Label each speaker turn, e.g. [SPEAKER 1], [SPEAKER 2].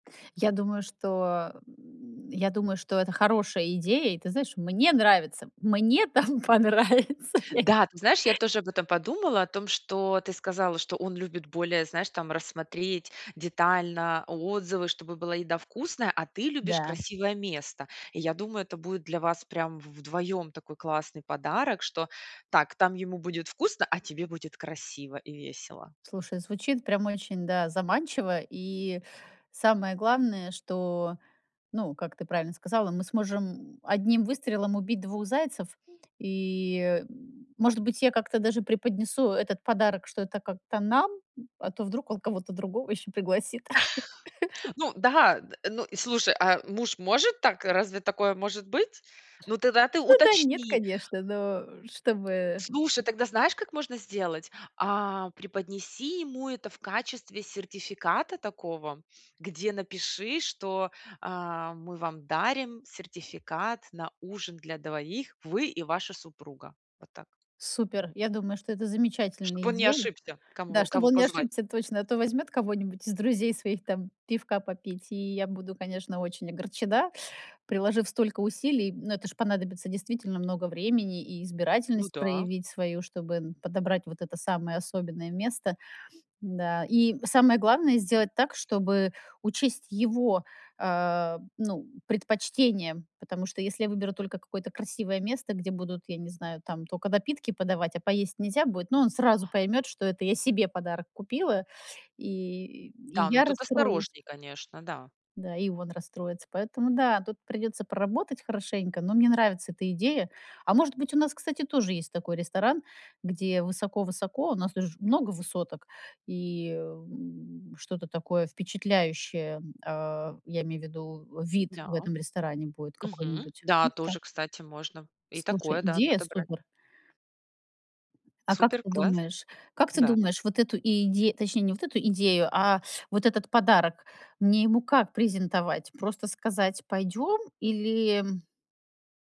[SPEAKER 1] Я думаю, что, м, я думаю, что это хорошая идея. И ты знаешь, мне нравится. Мне там понравится я
[SPEAKER 2] Да, ты знаешь, я тоже об этом подумала, о том, что ты сказала, что он любит более, знаешь, там рассмотреть детально отзывы, чтобы была еда вкусная, а ты любишь
[SPEAKER 1] Да.
[SPEAKER 2] красивое место. Я думаю, это будет для вас прям в вдвоем такой классный подарок, что так, там ему будет вкусно, а тебе будет красиво и весело.
[SPEAKER 1] Слушай, звучит прямо очень, да, заманчиво. И самое главное, что, ну, как ты правильно сказала, мы сможем одним выстрелом убить двух зайцев, и, м, может быть, я как-то даже преподнесу этот подарок, что это как-то нам, а то вдруг он кого-то другого ещё пригласит.
[SPEAKER 2] Ну да, д ну и, слушай, а муж может так? Разве такое может быть? Ну, тогда ты
[SPEAKER 1] Ну да, нет,
[SPEAKER 2] уточни.
[SPEAKER 1] конечно, но чтобы м
[SPEAKER 2] Слушай, тогда знаешь, как можно сделать? А преподнеси ему это в качестве сертификата такого, где напиши, что: "А мы вам дарим сертификат на ужин для 2: вы и ваша супруга". Вот так.
[SPEAKER 1] Супер. Я думаю, что это
[SPEAKER 2] Чтоб
[SPEAKER 1] замечательная
[SPEAKER 2] он не
[SPEAKER 1] идея.
[SPEAKER 2] ошибся, кому
[SPEAKER 1] Да,
[SPEAKER 2] во
[SPEAKER 1] чтобы
[SPEAKER 2] кого
[SPEAKER 1] он не
[SPEAKER 2] позвать.
[SPEAKER 1] ошибся точно, а то возьмёт кого-нибудь из друзей своих там пивка попить, и я буду, конечно, очень огорчена, приложив столько усилий. Но это ж понадобится действительно много времени и
[SPEAKER 2] Ну
[SPEAKER 1] избирательность
[SPEAKER 2] да.
[SPEAKER 1] проявить свою, чтобы, м, подобрать вот это самое особенное место да. И самое главное- сделать так, чтобы учесть его, а, ну, предпочтения. Потому что если я выберу только какое-то красивое место, где будут, я не знаю, там тока напитки подавать, а поесть нельзя будет, но он сразу поймёт, что это я себе подарок купила, и и
[SPEAKER 2] Да, ну
[SPEAKER 1] я
[SPEAKER 2] тут
[SPEAKER 1] расстроюсь
[SPEAKER 2] осторожнее, конечно, да.
[SPEAKER 1] да, и он расстроится. Поэтому, да, тут придётся поработать хорошенько, но мне нравится эта идея. А может быть, у нас, кстати, тоже есть такой ресторан, где высоко-высоко, у нас тут же много высоток, и, эм, что-то такое впечатляющее, м, а, я имею в виду, вид
[SPEAKER 2] Да.
[SPEAKER 1] в этом ресторане будет
[SPEAKER 2] Мгм,
[SPEAKER 1] какой-нибудь,
[SPEAKER 2] да
[SPEAKER 1] ну так.
[SPEAKER 2] тоже, кстати, можно и
[SPEAKER 1] Слушай,
[SPEAKER 2] такое, да,
[SPEAKER 1] идея
[SPEAKER 2] подобрать.
[SPEAKER 1] супер. А как
[SPEAKER 2] Супер,
[SPEAKER 1] ты
[SPEAKER 2] класс!
[SPEAKER 1] думаешь как ты
[SPEAKER 2] Да.
[SPEAKER 1] думаешь, вот эту и иде точнее, не вот эту идею, а вот этот подарок, мне ему как презентовать? Просто сказать: "Пойдём?" Или м